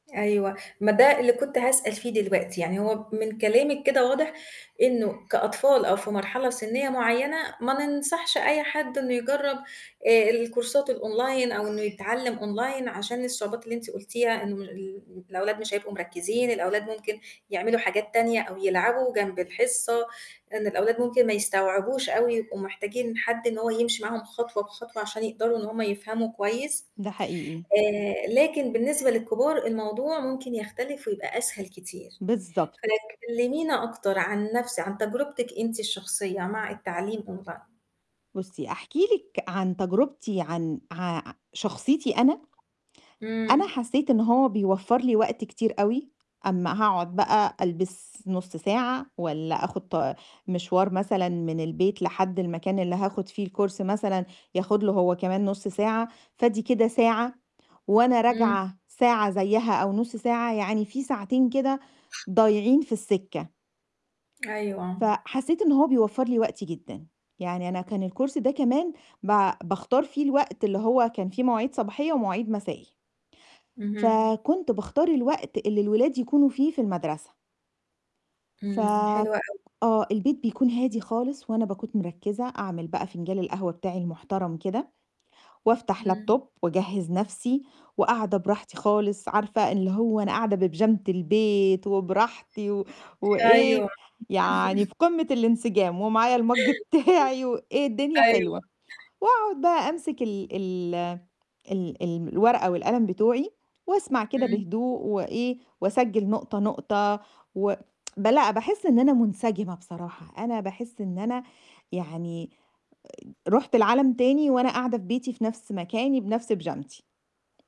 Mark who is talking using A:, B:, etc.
A: أيوه، ما ده اللي كنت هاسأل فيه دلوقتي، يعني هو من كلامِك كده واضح إنه كأطفال أو في مرحلة سنية معيّنة ما ننصحش أي حد إنه يجرّب الكورسات الOnline أو إنه يتعلّم Online عشان الصعوبات اللي أنتِ قُلتيها إنه ال الأولاد مش هيبقوا مركّزين الأولاد ممكن يعملوا حاجات تانية أو يلعبوا جنب الحصة، إن الأولاد ممكن ما يستوعبوش أوي يبقوا محتاجين حد إن هو يمشي معاهم خطوة بخطوة عشان يقدروا إن هُم يفهموا كويس،
B: ده حقيقي.
A: آآ، لكن بالنسبة للكبار الموضوع ممكن يختلف ويبقى أسهل كتير
B: بالضبط.
A: فلك كلّمينا أكتر عن نَفْس عن تجربتِك أنتِ الشخصية مع التعليم Online.
B: بُصّي أحكي لِك عن تجربتي عن ع شخصيتي أنا، أنا
A: إمم.
B: حسّيت إن هو بيوفّر لي وقت كتير أوي، أمّا هاقعد بقى ألبس نُص ساعة والّا آخد ط مشوار مثلًا من البيت لحد المكان اللي هاخد فيه الCourse مثلًا ياخد له هو كمان نُص ساعة، فآدي كده ساعة، وأنا
A: إمم.
B: راجعة ساعة زيها أو نُص ساعة، يعني في ساعتين كده ضايعين في السِكة.
A: أيوه.
B: فحسّيت إن هو بيوفّر لي وقتي جدًا، يعني أنا كان الCourse ده كمان با باختار فيه الوقت، اللي هو كان فيه مواعيد صباحية ومواعيد مسائي.
A: اهم.
B: فكنت باختار الوقت اللي الولاد يكونوا فيه في المدرسة. ف
A: إمم، حلو أوي.
B: آه، البيت بيكون هادي خالص، وأنا باكون مرّكزة أعمل بقى فنجال القهوة بتاعي المحترم كده، وأفتح
A: إمم.
B: Laptop وأجهّز نَفْسي، وقاعدة براحتي خالص عارفة اللي هو أنا قاعدة ببيجامة البيت وبراحتي و وإيه
A: أيوه.
B: يعني في قمة الانسجام ومعايا الMug بتاعي وإيه الدنيا
A: أيوه.
B: حلوة، وأقعد بقى أمسِك ال ال ال ال الورقة والقلم بتوعي، وأسمع كده
A: إمم.
B: بهدوء وإيه، وأسجِّل نقطة، نقطة و ب لأ باحس إن أنا منسجمة بصراحة، أنا باحس إن أنا يعني آآ، رُحت لعالم تاني وأنا قاعدة في بيتي، في نَفْس مكاني، بنَفْس بيجامتي.